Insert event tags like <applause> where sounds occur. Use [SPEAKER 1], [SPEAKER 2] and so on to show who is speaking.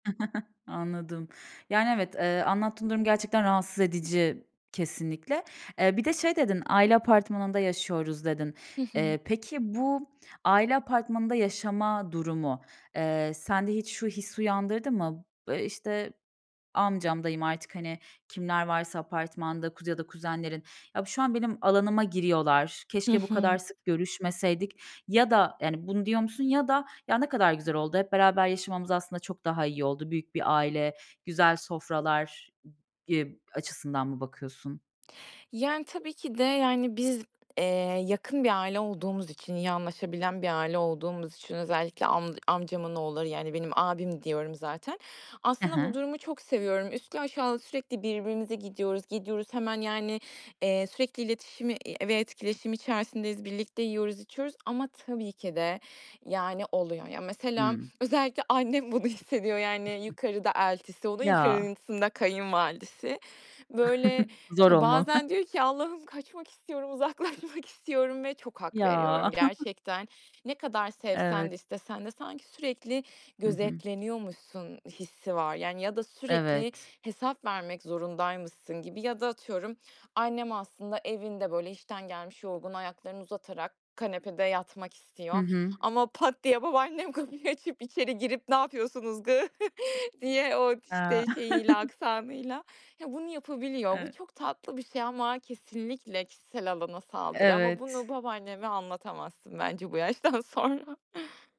[SPEAKER 1] <chuckles> Anladım. Yani, evet, eee, anlattığın durum gerçekten rahatsız edici, kesinlikle. Eee, bir de şey dedin, "Aile apartmanında yaşıyoruz." dedin.
[SPEAKER 2] Hı hı.
[SPEAKER 1] Eee, peki, bu aile apartmanında yaşama durumu, eee, sende hiç şu hissi uyandırdı mı? Iıı, işte, amcam, dayım, artık, hani, kimler varsa apartmanda, kuz ya da kuzenlerin, "Ya, şu an benim alanıma giriyorlar.
[SPEAKER 2] Hı
[SPEAKER 1] Keşke bu kadar
[SPEAKER 2] hı.
[SPEAKER 1] sık görüşmeseydik." ya da, yani, bunu diyor musun? Ya da, "Ya, ne kadar güzel oldu. Hep beraber yaşamamız aslında çok daha iyi oldu. Büyük bir aile, güzel sofralar." eb açısından mı bakıyorsun?
[SPEAKER 2] Yani, tabii ki de, yani, biz, eee, yakın bir aile olduğumuz için, iyi anlaşabilen bir aile olduğumuz için, özellikle amca amcamın oğulları, yani, benim abim diyorum zaten,
[SPEAKER 1] Hı
[SPEAKER 2] aslında bu
[SPEAKER 1] hı.
[SPEAKER 2] durumu çok seviyorum. Üstlü aşağılı sürekli birbirimize gidiyoruz, gidiyoruz hemen, yani, eee, sürekli iletişimi, iii, ve etkileşim içerisindeyiz, birlikte yiyoruz, içiyoruz ama tabii ki de, yani, oluyor. Ya, mesela
[SPEAKER 1] Hıı.
[SPEAKER 2] özellikle annem bunu hissediyor, yani,
[SPEAKER 1] <unintelligible>
[SPEAKER 2] yukarıda eltisi, onun
[SPEAKER 1] Ya.
[SPEAKER 2] yukarısında kayınvalidesi. Böyle
[SPEAKER 1] <chuckles> Zor olmalı.
[SPEAKER 2] bazen diyor ki, "Allah'ım, kaçmak istiyorum, uzaklaşmak istiyorum." ve çok hak
[SPEAKER 1] Ya.
[SPEAKER 2] veriyorum
[SPEAKER 1] <chuckles>
[SPEAKER 2] gerçekten. Ne kadar sevsen
[SPEAKER 1] Evet.
[SPEAKER 2] de, istesen de sanki sürekli
[SPEAKER 1] Hı hı.
[SPEAKER 2] gözetleniyormuşsun hissi var, yani, ya da sürekli
[SPEAKER 1] Evet.
[SPEAKER 2] hesap vermek zorundaymışsın gibi ya da atıyorum annem aslında evinde böyle işten gelmiş, yorgun, ayaklarını uzatarak kanepede yatmak
[SPEAKER 1] Hı
[SPEAKER 2] istiyor
[SPEAKER 1] hı.
[SPEAKER 2] ama pat diye babaannem kapıyı açıp içeri girip, "Ne yapıyorsunuz kız?" <chuckles> diye o,
[SPEAKER 1] Eee
[SPEAKER 2] işte, şeyiyle,
[SPEAKER 1] <chuckles>
[SPEAKER 2] aksanıyla ya, bunu yapabiliyor. Bu
[SPEAKER 1] <unintelligible>
[SPEAKER 2] çok tatlı bir şey ama kesinlikle kişisel alana saldırı ama
[SPEAKER 1] Evet.
[SPEAKER 2] bunu babaanneme anlatamazsın bence bu yaştan sonra.